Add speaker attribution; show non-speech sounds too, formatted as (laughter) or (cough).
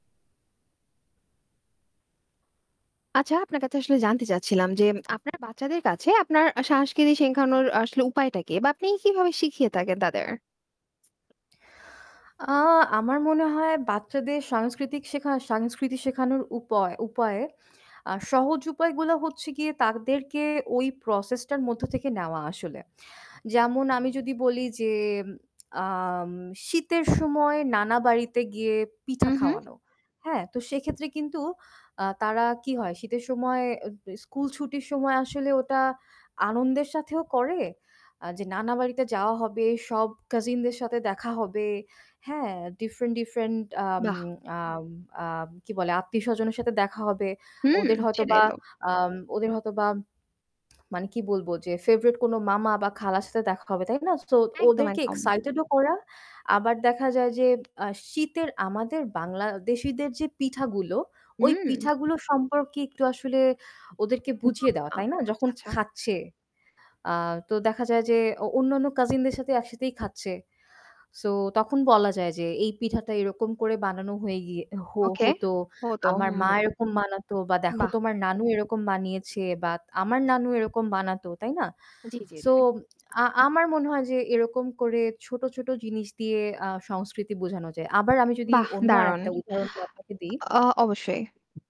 Speaker 1: আচ্ছা, আপনার কাছে আসলে জানতে চাচ্ছিলাম যে আপনার বাচ্চাদের কাছে আপনার সাংস্কৃতি শেখানোর আসলে উপায়টা কি বা আপনি কিভাবে শিখিয়ে থাকেন তাদের?
Speaker 2: আ আমার মনে হয় বাচ্চাদের সাংস্কৃতিক শেখা সাংস্কৃতি শেখানোর উপয় উপায়ে আর সহজ উপায়গুলো হচ্ছে গিয়ে তাদেরকে ওই process টার মধ্য থেকে নেওয়া আসলে। যেমন আমি যদি বলি যে, আম শীতের সময় নানা বাড়িতে গিয়ে
Speaker 1: হু,
Speaker 2: পিঠা
Speaker 1: হু।
Speaker 2: খাওয়ানো, হ্যাঁ? তো সেক্ষেত্রে কিন্তু আ তারা কি হয়? শীতের সময় দে স্কুল ছুটির সময় আসলে ওটা আনন্দের সাথেও করে আ যে নানা বাড়িতে যাওয়া হবে, সব কাজিনদের সাথে দেখা হবে। হ্যাঁ, ডিফরেন্ট different আম
Speaker 1: বাহ!
Speaker 2: আম আ কি বলে? আত্মীয়-স্বজনের সাথে দেখা হবে।
Speaker 1: হুম।
Speaker 2: ওদের হয়তোবা
Speaker 1: সেটাই তো।
Speaker 2: আম ওদের হয়তোবা মানে কি বলবো? যে favourite কোনো মামা বা খালার সাথে দেখা হবে। তাই না? সো
Speaker 1: একদম,
Speaker 2: ওদেরকে
Speaker 1: একদম।
Speaker 2: excited ও করা। আবার দেখা যায় যে, আ শীতের আমাদের বাংলাদেশীদের যে পিঠাগুলো, ওই
Speaker 1: হুম।
Speaker 2: পিঠাগুলো সম্পর্কে একটু আসলে ওদেরকে
Speaker 1: (unintelligible)
Speaker 2: বুঝিয়ে দেওয়া।
Speaker 1: আচ্ছা,
Speaker 2: তাই না? যখন
Speaker 1: আচ্ছা।
Speaker 2: খাচ্ছে আ তো দেখা যায় যে অ অন্যান্য কাজিনদের সাথে একসাথেই খাচ্ছে। সো তখন বলা যায় যে, "এই পিঠাটা এরকম করে বানানো হয়ে গিয়ে হ
Speaker 1: ওকে।
Speaker 2: হতো।
Speaker 1: হতো।
Speaker 2: আমার মা
Speaker 1: হুম।
Speaker 2: এরকম বানাতো বা দেখো
Speaker 1: বাহ!
Speaker 2: তোমার নানু এরকম বানিয়েছে বা আমার নানু এরকম বানাতো।" তাই না?
Speaker 1: জ্বী, জ্বী,
Speaker 2: সো
Speaker 1: জ্বী।
Speaker 2: আ আমার মনে হয় যে এরকম করে ছোট, ছোট জিনিস দিয়ে আ সংস্কৃতি বোঝানো যায়। আবার আমি যদি
Speaker 1: বাহ!
Speaker 2: অন্য
Speaker 1: দারুণ।
Speaker 2: আরেকটা উদাহরণ আপনাকে দিই।
Speaker 1: আ অবশ্যই।